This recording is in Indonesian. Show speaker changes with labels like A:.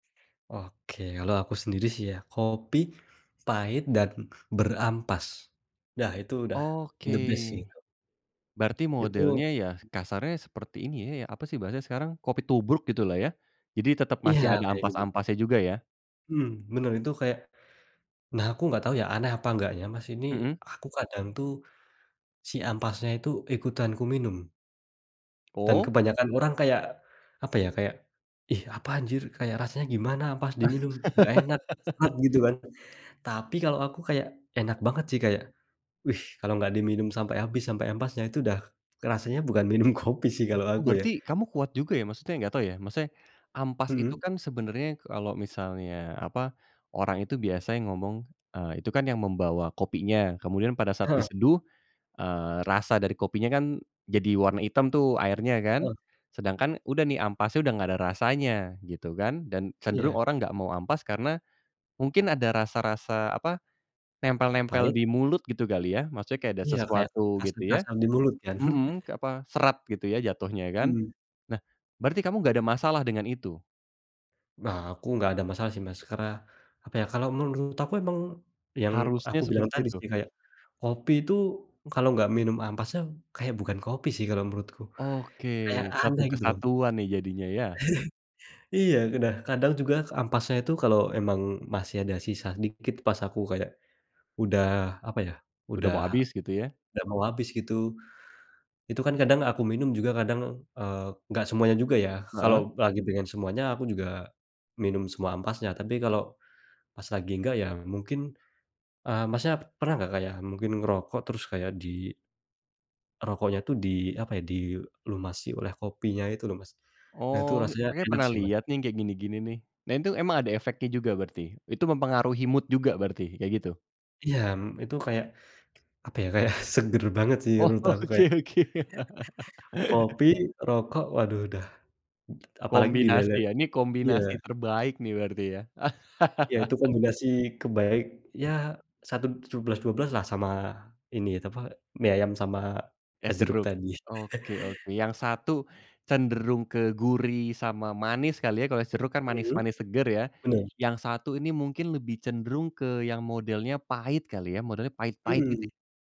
A: Oke. Kalau aku sendiri sih ya, kopi pahit dan berampas. Dah itu udah
B: Oke.
A: the best sih, Kak.
B: Berarti
A: Itu
B: modelnya ya, kasarnya seperti ini ya, apa sih bahasanya sekarang, kopi tubruk gitu lah ya. Jadi tetep
A: Iya,
B: masih ada
A: kayak gitu.
B: ampas-ampasnya juga ya.
A: Mmm. Bener, itu kayak nah, aku enggak tahu ya aneh apa enggaknya Mas, ini,
B: Mhm.
A: aku kadang tuh si ampasnya itu, ikutan kuminum. Dan
B: Oh.
A: kebanyakan orang kayak, apa ya kayak, "ih apa anjir kayak rasanya gimana ampas diminum, enggak enak." [unintelligible] Gitu kan. Tapi, kalau aku kayak enak banget sih kayak, "Wih kalau enggak diminum sampai habis sampai ampasnya itu udah rasanya bukan minum kopi sih,"
B: Wah
A: kalo
B: oh
A: aku ya.
B: berarti, kamu kuat juga ya maksudnya, enggak tahu ya, maksudnya, ampas itu
A: Mhm.
B: kan sebenarnya kalau misalnya apa, orang itu biasanya ngomong, eee, itu kan yang membawa kopinya, kemudian pada saat
A: Heeh.
B: diseduh, eee, rasa dari kopinya kan jadi, warna hitam tuh, airnya
A: Heeh.
B: kan. Sedangkan, udah nih ampasnya udah enggak ada rasanya gitu kan, dan cenderung
A: Iya.
B: orang enggak mau ampasnya karena, mungkin ada rasa-rasa apa, nempel-nempel
A: Pahit.
B: di mulut gitu kali ya. Maksudnya, kayak ada
A: Iya kayak
B: sesuatu gitu ya
A: kasar-kasar di mulut kan.
B: mhm, kayak apa, serat gitu ya jatuhnya ya kan.
A: Mmm.
B: Nah, berarti kamu enggak ada masalah dengan itu?
A: Nah aku tidak ada masalah sih Mas. Karena apa ya, kalau menurut aku memang yang
B: Harusnya
A: aku bilang
B: seperti
A: tadi
B: itu?
A: sih kayak, kopi itu kalau tidak minum ampasnya kayak bukan kopi sih kalau menurutku.
B: Oke.
A: Kayak
B: Satu
A: aneh gitu loh.
B: kesatuan nih jadinya, ya.
A: Iya, ke nah, kadang juga ke ampasnya itu kalau memang masih ada sisa dikit pas aku kayak udah apa ya,
B: Udah
A: udah
B: mau abis gitu ya.
A: udah mau habis, gitu. Itu kan kadang aku minum juga kadang, eee, tidak semuanya juga ya. Kalau
B: Heeh.
A: lagi pengen semuanya aku juga minum semua ampasnya. Tapi, kalau pas lagi enggak, ya mungkin, eee, Masnya, pernah enggak kayak mungkin ngerokok terus kayak di rokoknya itu di apa ya, dilumasi oleh kopinya itu lho, Mas. Nah, itu
B: Oh,
A: rasanya
B: kayak
A: enak
B: pernah
A: sih Mas.
B: liat nih yang kayak gini-gini nih. Nah, itu emang ada efeknya juga berarti. Itu mempengaruhi mood juga berarti, kayak gitu?
A: Iya, mmm, itu kayak, apa ya kayak seger banget sih
B: Oh,
A: menurut aku kayak
B: oke oke.
A: kopi, rokok, waduh udah apalagi
B: Kombinasi
A: dilelet
B: ya. Ini
A: iya.
B: kombinasi terbaik nih, berarti ya.
A: Iya itu kombinasi ke baik, ya satu sebelas dua belas lah sama ini apa, mie ayam sama, es
B: Es
A: jeruk
B: jeruk.
A: tadi.
B: Oke oke. Yang satu, cenderung ke gurih sama manis kali ya, kalau es jeruk kan
A: Mhm.
B: manis-manis segar ya,
A: Bener.
B: yang satu ini mungkin lebih cenderung ke yang modelnya pahit kali ya, modelnya pahit-pahit gitu.
A: Mhm.